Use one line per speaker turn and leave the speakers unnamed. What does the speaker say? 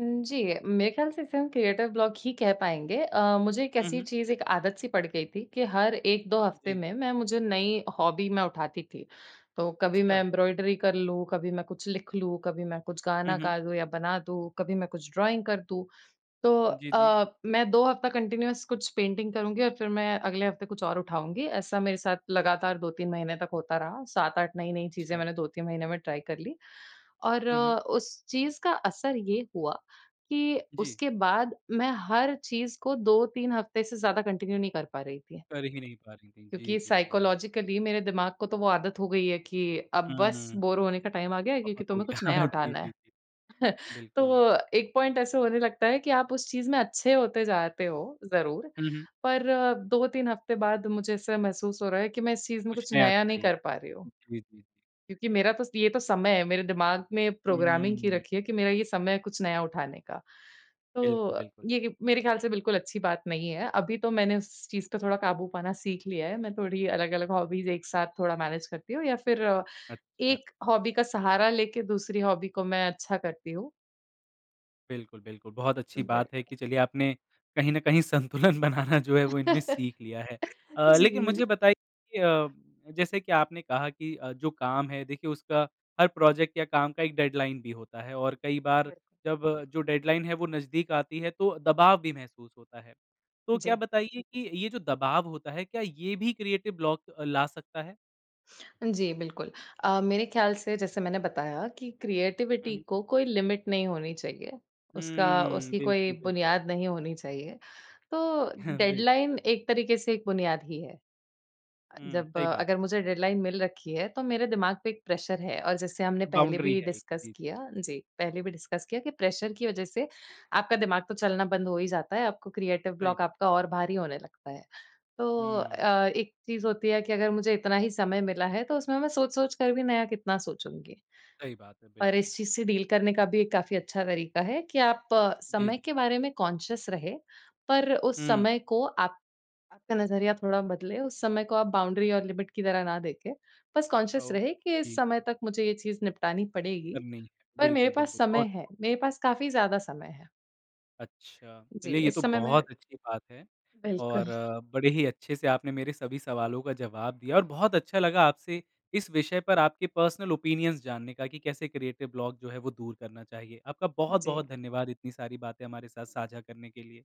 उम, जी, मेरे ख्याल से इसे हम क्रिएटर ब्लॉक ही कह पाएँगे। अ, मुझे एक
हुँ,
ऐसी
हुँ।
चीज़ एक आदत सी पड़ गई थी कि हर 1-2 हफ़्ते
जी।
में मैं मुझे नई हॉबी मैं उठाती थी। तो कभी मैं
अच्छा।
एम्ब्रॉयडरी कर लूँ, कभी मैं कुछ लिख लूँ, कभी मैं कुछ
हुँ,
गाना
हुँ।
गा दूँ या बना दूँ, कभी मैं कुछ ड्राइंग कर दूँ। तो
जी, जी।
अ, मैं 2 हफ्ता कंटीन्यूअस कुछ पेंटिंग करुँगी और फिर मैं अगले हफ़्ते कुछ और उठाऊँगी। ऐसा मेरे साथ लगातार 2-3 महीने तक होता रहा। 7-8 नई-नई चीज़ें
अच्छा।
मैंने 2-3 महीने में ट्राई कर ली और
हुँ, हुँ।
उस चीज़ का असर ये हुआ कि
जी।
उसके बाद मैं हर चीज़ को 2-3 हफ़्ते से ज़्यादा कंटिन्यू नहीं कर पा रही थी।
कर ही नहीं पा रही थीं। जी,
क्योंकि
जी, जी।
साइकोलॉजिकली मेरे दिमाग को तो वो आदत हो गई है कि अब बस,
हुँ।
बोर होने का टाइम आ गया है क्योंकि
बहुत हो
तुम्हें
गया।
कुछ नया
जी,
उठाना है।
जी, जी। बिल्कुल।
तो एक पॉइंट ऐसा होने लगता है कि आप उस चीज़ में अच्छे होते जाते हो ज़रूर
हुँ, हुँ।
पर 2-3 हफ़्ते बाद मुझे ऐसा महसूस हो रहा है कि मैं इस चीज़ में
कुछ
कुछ
नया
नया नहीं
चाहिए।
कर पा रही हूँ।
जी, जी, जी।
क्योंकि मेरा तो स ये तो समय है। मेरे दिमाग में प्रोग्रामिंग की
हुँ।
रखी है कि मेरा ये समय है कुछ नया उठाने का। तो
बिल्कुल,
अ,
बिल्कुल।
ये कि मेरे ख्याल से बिल्कुल अच्छी बात नहीं है अभी तो मैंने उस चीज़ पे थोड़ा काबू पाना सीख लिया है, मैं थोड़ी अलग-अलग हॉबीज़ एक साथ थोड़ा मैनेज करती हूँ या फिर
अच्छा।
एक हॉबी का सहारा लेके दूसरी हॉबी को मैं अच्छा करती हूँ।
बिल्कुल, बिल्कुल। बहुत अच्छी बात है
बिल्कुल।
कि चलिए आपने कहीं न कहीं संतुलन बनाना जो है वो इनमें सीख
जी,
लिया है। अ, लेकिन मुझे
बिल्कुल।
बताइए कि अ, जैसे कि आपने कहा कि अ, जो काम है देखिए उसका, हर प्रोजेक्ट या काम का एक डेडलाइन भी होता है और कई बार
बढ़ि
जब, जो डेडलाइन है वो नज़दीक आती है तो दबाव भी महसूस होता है। तो क्या
जी।
बताइए कि ये जो दबाव होता है, क्या ये भी क्रिएटिव ब्लॉक अ, ला सकता है?
जी, बिल्कुल। अ, मेरे ख्याल से जैसे मैंने बताया कि
हुँ,
क्रिएटिविटी
हुँ।
को कोई लिमिट नहीं होनी चाहिए। उसका
हुँ।
उसकी कोई
बिल्कुल, बिल्कुल।
बुनियाद नहीं होनी चाहिए, तो
हाँ, बिल
डेडलाइन एक तरीके से एक बुनियाद ही है। अ,
हुँ,
जब
सही बात
अगर
है।
मुझे डेडलाइन मिल रखी है तो मेरे दिमाग पे एक प्रेशर है और जैसे हमने पहले
बाउंड्री
भी
है एक।
डिस्कस
जी।
किया जी, पहले भी डिस्कस किया कि प्रेशर की वजह से, आपका दिमाग तो चलना बंद हो ही जाता है। आपको क्रिएटर
सही
ब्लॉक
बात।
आपका और भारी होने लगता है। तो
हुँ।
अ, एक चीज़ होती है कि अगर मुझे इतना ही समय मिला है, तो उसमें मैं सोच-सोच कर भी नया कितना सोचूँगी?
सही बात है,
और
बिल्कुल।
इस चीज़ से डील करने का भी एक काफ़ी अच्छा तरीका है कि आप
जी,
समय
जी।
के बारे में कॉन्शियस रहें, पर उस
हुँ।
समय को आप आपका नज़रिया थोड़ा बदले, उस समय को आप बाउंड्री और लिमिट की तरह ना देखे। बस
औ
कॉन्शियस रहे कि इस
जी।
समय तक मुझे ये चीज़ निपटानी पड़ेगी।
करनी
पर मेरे
बिल्कुल,
पास
बिल्कुल।
समय
बहुत।
है, मेरे पास काफ़ी ज़्यादा समय है।
अच्छा।
जी,
चलिए ये
इस
तो
समय मैं
बहुत अच्छी बात है और
बिल्कुल।
बड़े ही अच्छे से आपने मेरे सभी सवालों का जवाब दिया और बहुत अच्छा लगा आपसे, इस विषय पर आपके पर्सनल ओपिनियन्स जानने का कि कैसे क्रिएटिव ब्लॉक जो है वो दूर करना चाहिए। आपका
हुँ, जी।
बहुत-बहुत धन्यवाद इतनी सारी बातें हमारे साथ साझा करने के लिए।